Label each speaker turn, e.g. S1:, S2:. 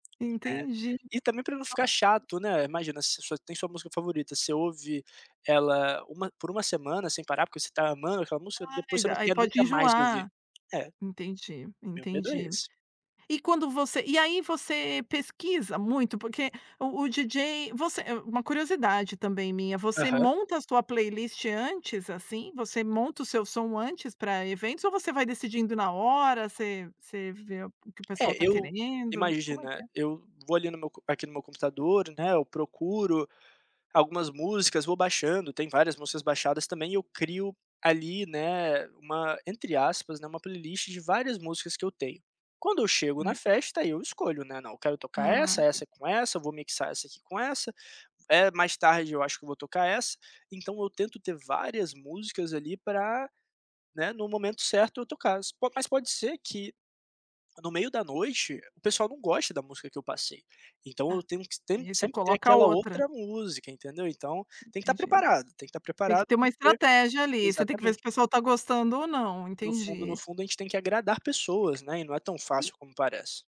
S1: É,
S2: Entendi.
S1: e também pra não ficar chato, né, imagina se você tem sua música favorita, você ouve ela uma por uma semana sem parar, porque você está amando aquela música
S2: Ai,
S1: ,depois você não
S2: aí
S1: quer
S2: pode
S1: nunca mais ouvir,
S2: enjoar.
S1: é.
S2: Entendi,
S1: Meu medo é
S2: entendi.
S1: esse.
S2: E quando você, e aí você pesquisa muito porque o o DJ, você, uma curiosidade também minha, você
S1: Aham.
S2: monta a sua playlist antes assim? Você monta o seu som antes pra eventos ou você vai decidindo na hora, você você vê o que o pessoal
S1: É
S2: está
S1: eu,
S2: querendo? Como é que
S1: imagina,
S2: é?
S1: eu vou ali no meu co aqui no meu computador, né, eu procuro algumas músicas, vou baixando, tem várias músicas baixadas também eu crio ali, né, uma, entre aspas, né, uma playlist de várias músicas que eu tenho, Quando eu chego na
S2: Hum.
S1: festa aí eu escolho, né, não, eu quero tocar essa,
S2: Ah, tem.
S1: essa com essa, vou mixar essa aqui com essa, eh, mais tarde eu acho que eu vou tocar essa, então eu tento ter várias músicas ali pra, né, no momento certo eu toca-las, po mas pode ser que, no meio da noite, o pessoal não goste da música que eu passei, então eu
S2: A,
S1: tenho que
S2: aí você
S1: sempre ter
S2: coloca
S1: aquela
S2: outra.
S1: outra música entendeu, então tem que estar
S2: Entendi.
S1: preparado, tem que estar
S2: Tem que
S1: preparado
S2: ter uma
S1: porque
S2: estratégia ali, você tem que ver se
S1: exatamente.
S2: o pessoal está gostando ou não,
S1: No fundo no
S2: entendi.
S1: fundo a gente tem que agradar pessoas né e não é tão
S2: E
S1: fácil como parece.